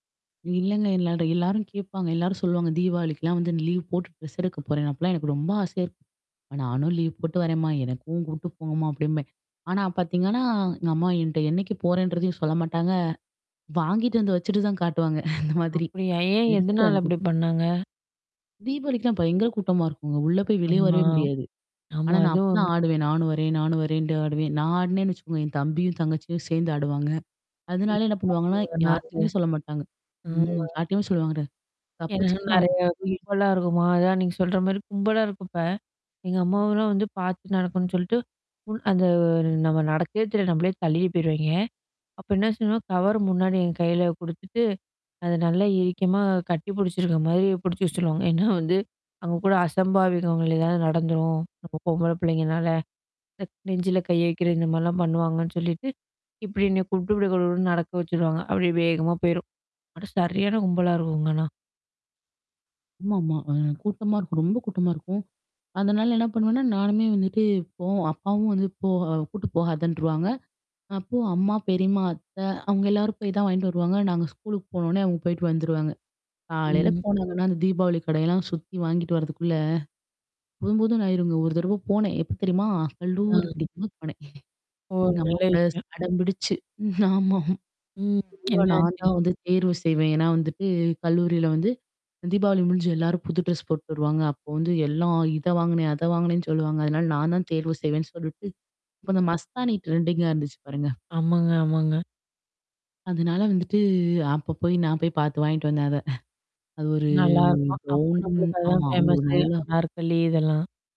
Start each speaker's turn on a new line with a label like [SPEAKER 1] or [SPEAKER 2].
[SPEAKER 1] இல்லைங்க இல்ல. அது எல்லாரும் கேட்பாங்க, எல்லாரும் சொல்லுவாங்க. தீபாவளிக்கெல்லாம் வந்து லீவ் போட்டு ட்ரெஸ் எடுக்க போறேன். அப்போலாம் எனக்கு ரொம்ப ஆசையா இருக்கும். [unintelligible] நானும் லீவ் போட்டு வரேன் மா. எனக்கும் கூட்டு போங்கம்மா அப்படிம்பேன். ஆனா பார்த்தீங்கன்னா, எங்க அம்மா என்கிட்ட என்னைக்கு போறேன்றதையும் சொல்ல மாட்டாங்க, வாங்கிட்டு வந்து வச்சுட்டு தான் காட்டுவாங்க அந்த மாதிரி.
[SPEAKER 2] அப்படியா? ஏன்
[SPEAKER 1] எடுத்துட்டு
[SPEAKER 2] எதனால
[SPEAKER 1] வந்து
[SPEAKER 2] அப்படி பண்ணாங்க?
[SPEAKER 1] தீபாவளிக்கெல்லாம் பயங்கர கூட்டமா இருக்குங்க. உள்ளே போய் வெளியே
[SPEAKER 2] ஆமா,
[SPEAKER 1] வரவே முடியாது. ஆனா
[SPEAKER 2] ஆமா.
[SPEAKER 1] நான்
[SPEAKER 2] ஆனா
[SPEAKER 1] அப்போ தான்
[SPEAKER 2] ஒண்ணு
[SPEAKER 1] ஆடுவேன்,
[SPEAKER 2] [unintelligible]
[SPEAKER 1] நானும் வரேன் நானும் வரேன்ட்டு ஆடுவேன். நான் ஆடினேன்னு வச்சுக்கோங்க என் தம்பியும் தங்கச்சியும் சேர்ந்து ஆடுவாங்க. அதனால என்ன பண்ணுவாங்கன்னா, யார்ட்டயுமே சொல்ல மாட்டாங்க. ம்,
[SPEAKER 2] [unintelligible]
[SPEAKER 1] யார்ட்டேயுமே சொல்லமாட்டாங்க. கப்பு
[SPEAKER 2] ஏனா
[SPEAKER 1] சிப்புன்னு
[SPEAKER 2] நிறைய
[SPEAKER 1] [unintelligible] போய்
[SPEAKER 2] [unintelligible] இருக்குமா, அதான் நீங்க சொல்ற மாரி கும்பலா இருக்கப்ப, எங்க அம்மாவலாம் வந்து பார்த்து நடக்கணும்னு சொல்ட்டு ஓ அந்த நம்ம நடக்கிறதே தெரியாது. நம்மளே தள்ளிட்டு போயிருவாய்ங்க. அப்போ என்ன செய்வோம் கவர் முன்னாடி எங்க கையில கொடுத்துட்டு அது நல்லா இருக்கமா கட்டி பிடிச்சிருக்கிற மாதிரி பிடிச்சு வச்சுடுவாங்க. ஏன்னா வந்து அவங்க கூட அசம்பாவிதங்கள் எதாவது நடந்துடும். அப்போ பொம்பள பிள்ளைங்கனால [unintelligible] நெஞ்சில கை வைக்கிறது இந்த மாதிரிலாம் பண்ணுவாங்கன்னு சொல்லிவிட்டு இப்படி என்ன கூப்ட்டு நடக்க வச்சுடுவாங்க அப்படியே வேகமா போயிரும். ஆனா சரியான கும்பலா இருக்கும்ங்க. ஆனா,
[SPEAKER 1] ஆமாமா. அ கூட்டமா இருக்கும். ரொம்ப, கூட்டமா இருக்கும். அதனால என்ன பண்ணுவேன்னா, நானுமே வந்துட்டு போவோ அப்பாவும் வந்து போ அ கூட்டு போகாதுன்ருவாங்க. அப்போ அம்மா, பெரிம்மா, அத்தை அவங்க எல்லாரும் போய் தான் வாங்கிட்டு வருவாங்க. நாங்க ஸ்கூலுக்கு போன உடனே அவங்க போயிட்டு வந்துருவாங்க. காலையில
[SPEAKER 2] ம்.
[SPEAKER 1] போனாங்கன்னா அந்த தீபாவளி கடையெல்லாம் சுத்தி வாங்கிட்டு வரதுக்குள்ள, போதும் போதும்ன்னு ஆயிருங்க ஒரு தடவை போனேன். எப்போ தெரியுமா? கல்லூரி
[SPEAKER 2] அ.
[SPEAKER 1] பிடிக்கும் போது போனேன்.
[SPEAKER 2] ஓ!
[SPEAKER 1] எங்க அம்மா
[SPEAKER 2] நல்ல
[SPEAKER 1] கூட
[SPEAKER 2] விஷயம்.
[SPEAKER 1] அடம் பிடிச்சு. ம் ஆமாம்.
[SPEAKER 2] ம்.
[SPEAKER 1] பொதுவா
[SPEAKER 2] என்ன
[SPEAKER 1] நான்
[SPEAKER 2] ஆச்சு?
[SPEAKER 1] தான் வந்து தேர்வு செய்வேன். ஏன்னா வந்துட்டு கல்லூரியில வந்து தீபாவளி முடிஞ்சு எல்லாரும் புது ட்ரெஸ் போட்டு வருவாங்க. அப்போ வந்து எல்லாம் இதை வாங்குனேன் அதை வாங்குனேன் சொல்லுவாங்க. அதனால நான் தான் தேர்வு செய்வேன்னு சொல்லிவிட்டு இப்போ அந்த மஸ்தானி ட்ரெண்டிங்கா இருந்துச்சு பாருங்க.
[SPEAKER 2] ஆமாங்க, ஆமாங்க.
[SPEAKER 1] அதுனால வந்துட்டு அப்போ போய் நான் போய் பார்த்து வாங்கிட்டு வந்தேன் அதை. அது ஒரு
[SPEAKER 2] நல்லாயிருக்கும்! அப்போ
[SPEAKER 1] கௌன்
[SPEAKER 2] நம்மளுக்கு அதுதான்
[SPEAKER 1] ஆமா. அது ஒரு
[SPEAKER 2] ஃபேமசு
[SPEAKER 1] நல்லா
[SPEAKER 2] அனார்கலி இதெல்லாம்.